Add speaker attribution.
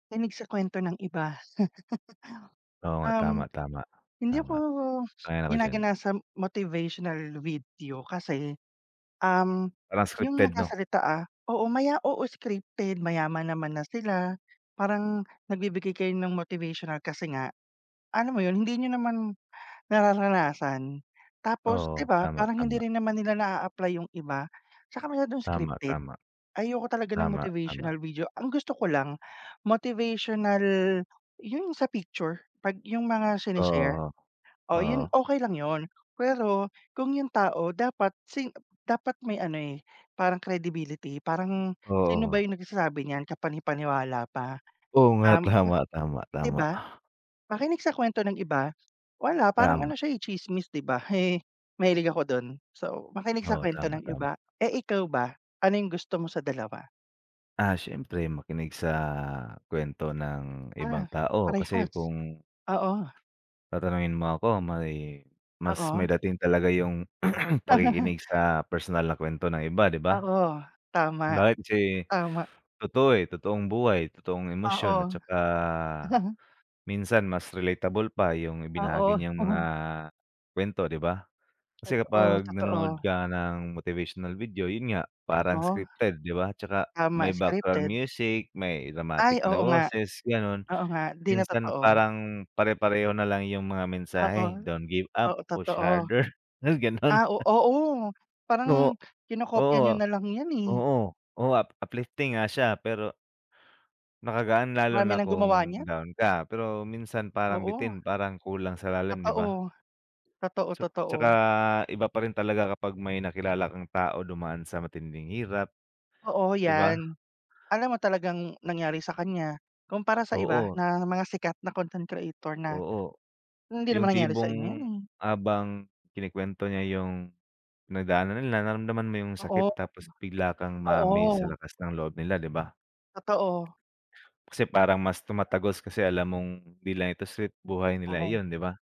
Speaker 1: Kinig sa kuwento ng iba.
Speaker 2: Oo nga. Tama,
Speaker 1: Um,
Speaker 2: tama.
Speaker 1: hindi
Speaker 2: Tama,
Speaker 1: ako
Speaker 2: ayon ako diyan.
Speaker 1: ginaganasam motivational video kasi, um-
Speaker 2: Parang
Speaker 1: yung
Speaker 2: scripted, 'no?
Speaker 1: nagsasalita, ah- oo, maya oo, scripted, mayaman naman na sila, parang, nagbibigay kayo ng motivational kasi nga, alam mo 'yon, hindi niyo naman nararanasan, tapos, 'di
Speaker 2: Oo,
Speaker 1: ba,
Speaker 2: tama,
Speaker 1: parang hindi
Speaker 2: tama.
Speaker 1: rin naman nila na-a-apply yung iba, tsaka masyadong
Speaker 2: Tama,
Speaker 1: scripted.
Speaker 2: tama.
Speaker 1: Ayoko talaga ng
Speaker 2: Tama, tama.
Speaker 1: motivational video, ang gusto ko lang motivational 'yon sa picture, 'pag yung mga shine-share.
Speaker 2: Oo, o
Speaker 1: Oh, 'yon
Speaker 2: oo.
Speaker 1: okey lang 'yon, pero, kung yung tao dapat sing ep dapat may ano, eh, parang credibility. Parang sino ba
Speaker 2: Oo.
Speaker 1: yung nagsasabi niyan? Kapanipaniwala pa,
Speaker 2: Oo nga,
Speaker 1: um, hmm,
Speaker 2: tama, tama,
Speaker 1: 'di
Speaker 2: tama.
Speaker 1: ba? Makinig sa kuwento ng iba, wala parang
Speaker 2: Tama.
Speaker 1: ano siya, eh, tsismis, 'di ba? Mahilig ako do'n. So, makinig sa
Speaker 2: Oo,
Speaker 1: kuwento
Speaker 2: tama,
Speaker 1: ng
Speaker 2: tama.
Speaker 1: iba. Eh, ikaw ba, ano yung gusto mo sa dalawa?
Speaker 2: Ah, siyempre makinig sa kuwento ng ibang
Speaker 1: Ah,
Speaker 2: tao kasi
Speaker 1: parehas,
Speaker 2: kung
Speaker 1: oo.
Speaker 2: Tatanungin mo ako, may, mas may
Speaker 1: Oo.
Speaker 2: dating talaga yung, pakikinig sa personal na kuwento ng iba, 'di ba?
Speaker 1: Oo, tama,
Speaker 2: Bakit si
Speaker 1: tama.
Speaker 2: totoo, eh, totoong buhay, totoong emosyon at
Speaker 1: Oo.
Speaker 2: tsaka minsan mas relatable pa, yung ibinahagi
Speaker 1: Oo.
Speaker 2: niyang mga kuwento, 'di ba? Kasi
Speaker 1: Totoo,
Speaker 2: kapag nanonood
Speaker 1: totoo.
Speaker 2: ka ng motivational video, 'yon nga,
Speaker 1: Tang
Speaker 2: parang
Speaker 1: oh,
Speaker 2: scripted, 'di ba? Tsaka
Speaker 1: tama,
Speaker 2: may background
Speaker 1: scripted.
Speaker 2: music, may
Speaker 1: Ay,
Speaker 2: dramatic na
Speaker 1: oo nga.
Speaker 2: boses, gano'n.
Speaker 1: Oo nga, 'di na
Speaker 2: Minsan
Speaker 1: totoo.
Speaker 2: parang pare-pareho na lang yung mga
Speaker 1: Ah,
Speaker 2: mensahe.
Speaker 1: oh.
Speaker 2: "Don't give up,
Speaker 1: Oo,
Speaker 2: push
Speaker 1: totoo.
Speaker 2: harder." May, gano'n.
Speaker 1: Ah, o oo parang
Speaker 2: No
Speaker 1: kinokopya niyo
Speaker 2: Oo,
Speaker 1: na lang yan, eh.
Speaker 2: oo, oo up uplifting nga siya pero Nakagaan lalo
Speaker 1: Marami
Speaker 2: na
Speaker 1: nang gumawa
Speaker 2: kung
Speaker 1: niyan.
Speaker 2: down ka. Pero minsan parang
Speaker 1: Oo.
Speaker 2: bitin, parang kulang sa lalim, 'di
Speaker 1: Totoo,
Speaker 2: ba?
Speaker 1: totoo,
Speaker 2: Ts
Speaker 1: totoo.
Speaker 2: tsaka iba pa rin talaga kapag may nakilala kang tao dumaan sa matinding hirap,
Speaker 1: Oo,
Speaker 2: 'di ba?
Speaker 1: yan. Alam mo talagang nangyari sa kanya, kumpara sa iba,
Speaker 2: Oo.
Speaker 1: na mga sikat na content creator na,
Speaker 2: Oo.
Speaker 1: "Hindi
Speaker 2: Yung
Speaker 1: naman nangyari sa inyo
Speaker 2: tipong
Speaker 1: yan, eh".
Speaker 2: habang kinikuwento niya yung, pinagdaanan nila, nararamdaman mo yung
Speaker 1: Oo.
Speaker 2: sakit, tapos bigla kang ma-amaze sa
Speaker 1: Oo.
Speaker 2: lakas ng loob nila, 'di ba?
Speaker 1: Totoo.
Speaker 2: Kasi parang mas tumatagos, kasi alam mong 'di lang 'to script, buhay nila
Speaker 1: Parang
Speaker 2: iyon, 'di ba?